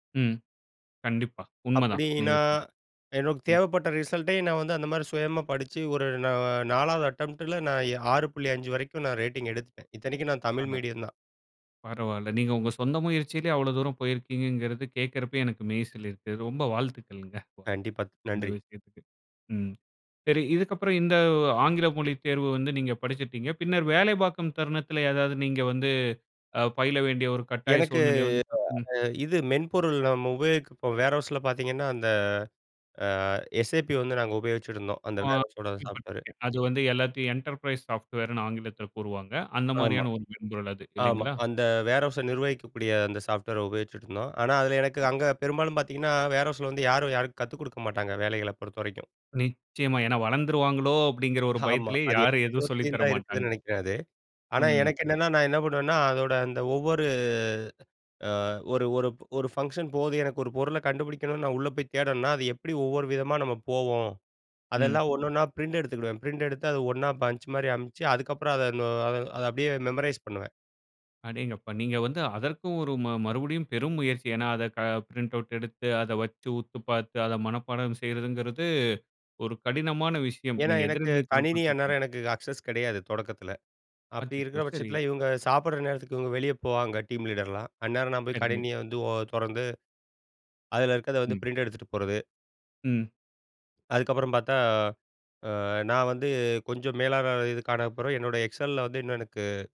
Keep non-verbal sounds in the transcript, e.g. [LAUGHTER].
ம். கண்டிப்பா. உண்ம தான் நீங்க அப்பிடின்னா, சொல்றது. எனக்கு ம். தேவைப்பட்ட ரிசல்ட்டே, நான் வந்து அந்தமாரி சுயமா படிச்சு, ஒரு நா 4 வது அட்டெம்ப்ட்ல, நான் 6.5 வரைக்கும் நான் ரேட்டிங் எடுத்துட்டேன். இத்தனைக்கும் நான் தமிழ் [UNINTELLIGIBLE] மீடியம் தான். பரவாயில்ல. நீங்க உங்க சொந்த முயற்சியிலேயே அவ்ளோ தூரம் போயிருக்கீங்கங்கிறது கேட்கிறப்பயே, எனக்கு மெய்சிலிர்க்குது. ரொம்ப வாழ்த்துக்கள்ங்க, கண்டிப்பா. த் இந்த நன்றி! விஷயத்துக்கு. ம் சரி. இதுக்கப்புறம் இந்த ஆங்கில மொழித் தேர்வு வந்து நீங்க படிச்சிட்டீங்க. பின்னர் வேலை பார்க்கும் தருணத்தில ஏதாவது நீங்க வந்து அ பயில வேண்டிய ஒரு கட்டாய எனக்கு சூழ்நிலை வந்துச்சா? ம். [UNINTELLIGIBLE] இந்த இது மென்பொருள் நம்ம உபயோகிக்கப்போம். வேர்ஹவுஸ்ல பார்த்தீங்கன்னா, அந்த அ எஸ்ஏபி வந்து நாங்க உபயோகிச்சிட்டிருந்தோம். அந்த ஆ. வேர்ஹவுஸோட இப்ப சாஃப்ட்வேர். நீங்க அது வந்து எல்லாத்தையும் என்டர்பிரைஸ் சாப்ட்வேர் ன்னு ஆங்கிலத்தில கூறுவாங்க. அந்த ஆமா. மாதிரியான ஒரு மென்பொருள் அது. ஆமா. இல்லேங்களா! அந்த வேர்ஹவுஸ நிர்வகிக்கக்கூடிய அந்த சாஃப்ட்வேர உபயோகிச்சிட்டுருந்தோம். ஆனா, அதில எனக்கு ம். அங்க பெரும்பாலும் பார்த்தீங்கன்னா, வேர்ஹவுஸில வந்து யாரும், யாரும் கத்துக் குடுக்கமாட்டாங்க. வேலைகள பொறுத்தவரைக்கும். நிச்சயமா. ஏன்னா, வளர்ந்துருவாங்களோ! அப்பிடிங்கிற ஒரு ஆமா பயத்திலயே அது யாரும் எல்லா எதுவும் சொல்லி எடத்துலயும் தர தான் மாட்டாங்க. இருக்குதுன்னு நினைக்கிறேன் அது, ஆனா, அம். எனக்கு என்னன்னா, நான் என்ன பண்ணுவேன்னா, அதோட அந்த ஒவ்வொரு ஆ ஒரு ஒரு ஒரு ஃபங்க்ஷன் போகுது. எனக்கு ஒரு பொருள கண்டுபிடிக்கணுன்னு நான் உள்ள போய் தேடணுன்னா, அது எப்பிடி ஒவ்வொரு விதமா நம்ம போவோம்? ம். அதெல்லாம் ஒன்னொன்னா பிரிண்ட் எடுத்துக்கிடுவேன். பிரிண்ட் எடுத்து, அத ஒண்ணா பஞ்ச் மாரி அமிச்சு, அதுக்கப்புறம் அத நொ அத அப்பிடியே மெமரைஸ் பண்ணுவேன். அடேங்கப்பா. நீங்க வந்து அதற்கு ஒரு ம மறுபடியும் பெரும் முயற்சி. ஏன்னா, அத க பிரிண்ட் அவுட் எடுத்து அத வச்சு, உத்து பார்த்து, அத மனப்பாடம் செய்யிறதுங்கிறது ஒரு கடினமான விஷயம். ஏன்னா, நீங்க எனக்கு எதிர்நீச்சல் கணினி போட்டுருக்கீங்க. அந்நேரம் எனக்கு அக்சஸ் கிடையாது, தொடக்கத்தில. அப்பிடி அச்சச்சோ! இருக்கிற சரி. பட்சத்தில, இவுங்க சாப்பிடற நேரத்துக்கு இவுங்க வெளியே போவாங்க, டீம் லீடர்லாம். அந்நேரம் நான் போய் சரிங்க. கணினிய வந்து ஓ தொறந்து, அதில இருக்கத வந்து ம். பிரிண்ட் எடுத்துட்டு போறது. ம். அதுக்கப்புறம் பார்த்தா, ஆ நான் வந்து கொஞ்சம் மேலாளர் இதுக்கான அப்புறம், என்னோட எக்ஸல்ல வந்து இன்னும் எனக்கு